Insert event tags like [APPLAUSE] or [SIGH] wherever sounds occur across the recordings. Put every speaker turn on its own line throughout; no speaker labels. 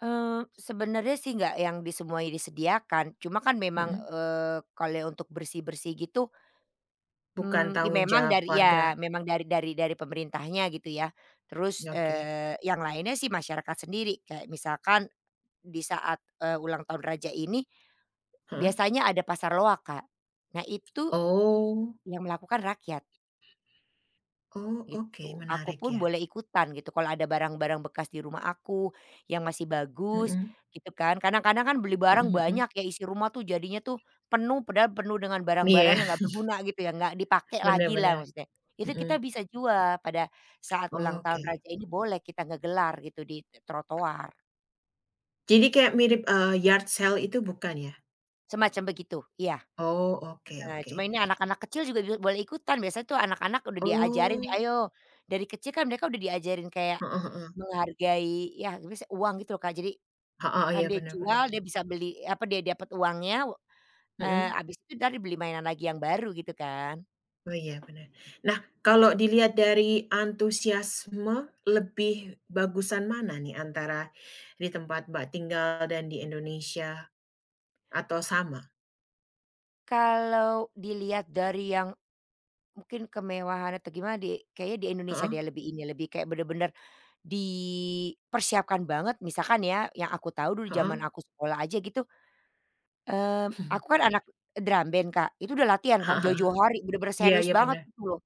Eee, sebenarnya sih enggak yang di semuanya disediakan, cuma kan memang,
Mhm.
eee, kalau untuk bersih-bersih gitu,
Bukan
mmm,
tanggung
memang
jawab
dari
warga.
ya, memang dari dari dari pemerintahnya, gitu ya. Terus,
Ya oke.
eee, yang lainnya sih masyarakat sendiri. Kayak misalkan di saat, eee, ulang tahun raja ini
Heeh.
biasanya ada pasar loak, Kak. Nah, itu
Oh.
yang melakukan rakyat.
Oh, oke,
Gitu.
menarik,
Akupun
ya.
boleh ikutan, gitu. Kalau ada barang-barang bekas di rumah aku yang masih bagus,
Mhm.
gitu kan. Kadang-kadang kan beli
Mhm
barang
mhm.
banyak, ya. Isi rumah tuh jadinya tuh penuh, padahal penuh dengan barang-barang
Iya.
yang nggak berguna, gitu ya. Nggak dipakai
Bener
lagi lah
bener.
maksudnya. Itu kita
Mhm.
bisa jual pada saat ulang tahun
Oke.
Raja, ini boleh kita ngegelar gitu di trotoar.
Jadi kayak mirip, eee, yard sale itu bukan, ya?
Semacam begitu. Iya.
Oh, oke
Heeh. Cuma
oke.
ini anak-anak kecil juga juga boleh ikutan, biasanya tuh anak-anak udah diajarin, nih,
Oh.
ayo, dari kecil kan mereka udah diajarin kayak
Heeh heeh.
menghargai, ya [UNINTELLIGIBLE] uang, gitu loh, Kak. Jadi
Heeh,
kan
iya,
dia
benar
jual,
benar.
dia bisa beli, apa, dia dapet uangnya, eee,
Mhm.
habis itu entar dibeli mainan lagi yang baru, gitu kan.
Oh, iya benar. Nah, kalau dilihat dari antusiasme, lebih bagusan mana nih, antara di tempat Mbak tinggal dan di Indonesia, atau sama?
Kalau dilihat dari yang mungkin kemewahan atau gimana di kayaknya di Indonesia
Heeh.
deh lebih ini, lebih kayak bener-bener dipersiapkan banget. Misalkan ya, yang aku tahu dulu zaman
Heeh.
aku sekolah aja, gitu, eee, aku
[CHUCKLES]
kan anak drum band, Kak. Itu udah latihan kan
Heeh heeh.
jauh-jauh hari. Bener-bener
Iya
serius
iya,
banget
bener.
itu loh.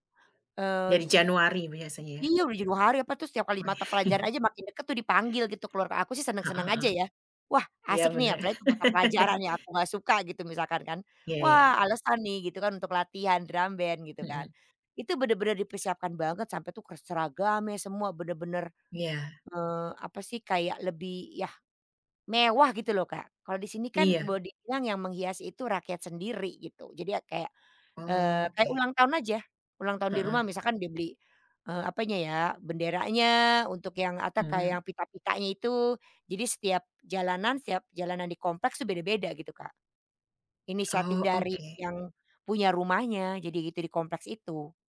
Eee
Dari
u
Januari biasanya, ya?
Iya, udah jauh-jauh hari, apa tuh, setiap kali mata pelajaran
[CHUCKLES]
aja, makin dekat tuh, dipanggil gitu keluar. Aku sih
Heeh
senang-senang
heeh.
aja, ya. Wah,
Iya,
asik nih ya!
bener.
Apalagi mata pelajaran
[LAUGHS]
yang aku nggak suka gitu, misalkan kan.
Iya
Wah,
iya.
alasan nih, gitu kan, untuk latihan drum band, gitu kan,
Mhm.
itu bener-bener dipersiapkan banget, sampai tuh ke seragamnya, semua, bener-bener,
Iya.
eee, apa sih, kayak, lebih, ya, mewah, gitu loh, Kak. Kalau di sini kan
Iya.
boleh dibilang yang menghiasi itu rakyat sendiri, gitu. Jadi ya kayak, eee, kayak
Oke.
ulang tahun aja. Ulang tahun di
Heeh.
rumah misalkan dia beli, eee, apanya ya, benderanya untuk yang atau kayak
Mhm.
yang pita-pitanya itu. Jadi setiap jalanan setiap jalanan di kompleks tuh beda-beda, gitu, Kak. Inisiatif
Oh,
dari
oke.
yang punya rumahnya jadi itu di kompleks itu.